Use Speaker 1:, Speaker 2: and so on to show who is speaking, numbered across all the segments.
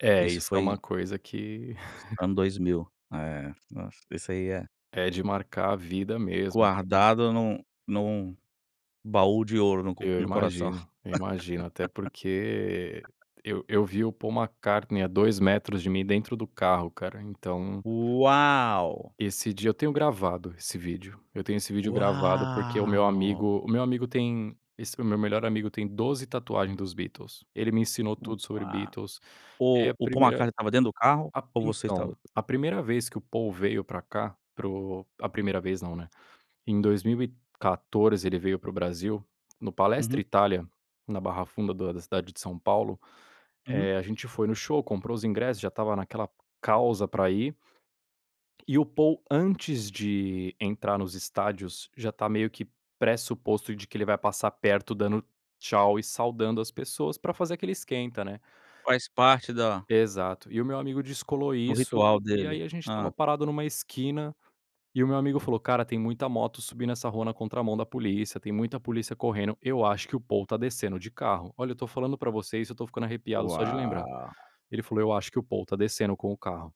Speaker 1: É,
Speaker 2: Isso
Speaker 1: isso é uma
Speaker 2: foi
Speaker 1: coisa que
Speaker 2: ano 2000. É, nossa, isso aí é.
Speaker 1: É de marcar a vida mesmo, então.
Speaker 2: Guardado num num baú de ouro, no co
Speaker 1: Eu
Speaker 2: no coração.
Speaker 1: imagino, eu imagino, até porque eu eu vi o Paul McCartney a 2 metros de mim, dentro do carro, cara, então
Speaker 2: Uau!
Speaker 1: Esse dia eu tenho gravado esse vídeo, eu tenho esse vídeo gravado porque o meu
Speaker 2: Uau!
Speaker 1: amigo o meu amigo tem esse meu melhor amigo tem 12 tatuagem dos Beatles. Ele me ensinou tudo sobre
Speaker 2: Uau.
Speaker 1: Beatles.
Speaker 2: O
Speaker 1: É a
Speaker 2: o Paul
Speaker 1: primeira
Speaker 2: McCartney estava dentro do carro?
Speaker 1: a p
Speaker 2: Ou você estava
Speaker 1: então, a primeira vez que o Paul veio para cá para o a primeira vez não, né. Em 2014 ele veio para o Brasil, no
Speaker 2: Uhum.
Speaker 1: Palestra Itália, na Barra Funda do da cidade de São Paulo,
Speaker 2: Uhum.
Speaker 1: eh, a gente foi no show, comprou os ingressos, já estava naquela causa para ir. E o Paul antes de entrar nos estádios, já está meio que pressuposto de que ele vai passar perto, dando "tchau" e saudando as pessoas para fazer aquele esquenta, né.
Speaker 2: Faz parte da
Speaker 1: Exato. E o meu amigo descolou
Speaker 2: do
Speaker 1: isso
Speaker 2: ritual
Speaker 1: e
Speaker 2: dele.
Speaker 1: aí a gente estava
Speaker 2: Hã.
Speaker 1: parado em uma esquina e o meu amigo falou: "Cara, tem muita moto subindo essa rua na contramão da polícia, tem muita polícia correndo, eu acho que o Paul está descendo de carro". Olha, eu estou falando para você isso, eu estou ficando arrepiado só de lembrar.
Speaker 2: Uau!
Speaker 1: Ele falou: "Eu acho que o Paul está descendo com o carro".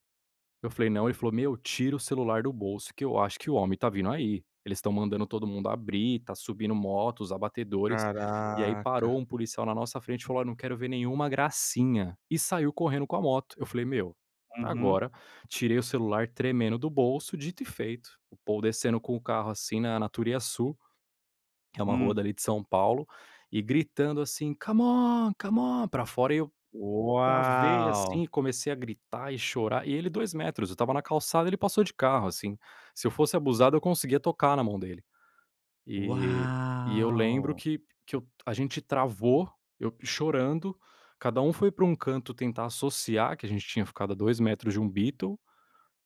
Speaker 1: Eu falei: "Não", ele falou: "Meu, tira o celular do bolso que eu acho que o homem está vindo aí, eles estão mandando todo mundo abrir, está subindo moto, os abatedores", e aí parou
Speaker 2: Caraca!
Speaker 1: um policial na nossa frente e falou: "Olha não quero ver nenhuma gracinha", e saiu correndo com a moto. Eu falei: "Meu,
Speaker 2: Uhum.
Speaker 1: agora". Tirei o celular tremendo do bolso. Dito e feito, o Paul descendo com o carro assim na na Turiassu, que é uma rua
Speaker 2: Hum.
Speaker 1: dali de São Paulo, e gritando assim: "C'mon, c'mon!" para fora e eu, travei assim
Speaker 2: Uau!
Speaker 1: e comecei a gritar e chorar, e ele 2 metros, eu estava na calçada ele passou de carro assim, se eu fosse abusado eu conseguia tocar na mão dele. Eh, e eu lembro
Speaker 2: Uau!
Speaker 1: que que eu a gente travou, eu chorando, cada um foi para um canto, tentar associar que a gente tinha ficado a 2 metros de um Beatle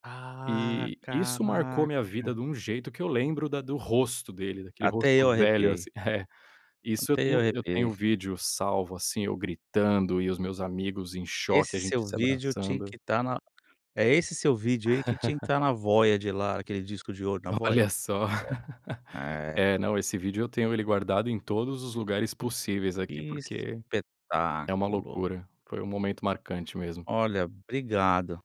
Speaker 2: Ah,
Speaker 1: eh, isso marcou minha vida
Speaker 2: caraca!
Speaker 1: de um jeito, que eu lembro da do rosto dele, daquele rosto
Speaker 2: Até eu
Speaker 1: velho
Speaker 2: arrepiei.
Speaker 1: assim é, isso eu
Speaker 2: Até eu
Speaker 1: tenho eu tenho
Speaker 2: arrepiei.
Speaker 1: vídeo salvo, assim, eu gritando e os meus amigos em choque, a
Speaker 2: Esse
Speaker 1: gente
Speaker 2: seu
Speaker 1: se
Speaker 2: vídeo tinha
Speaker 1: abraçando
Speaker 2: que estar na é, esse seu vídeo aí, que tinha que estar na lá Voyager, aquele disco de ouro na Voyager.
Speaker 1: Olha só.
Speaker 2: É. É.
Speaker 1: É, não, esse vídeo eu tenho ele guardado em todos os lugares possíveis aqui,
Speaker 2: Que
Speaker 1: porque é uma
Speaker 2: espetáculo.
Speaker 1: loucura, foi um momento marcante mesmo.
Speaker 2: Olha, obrigado.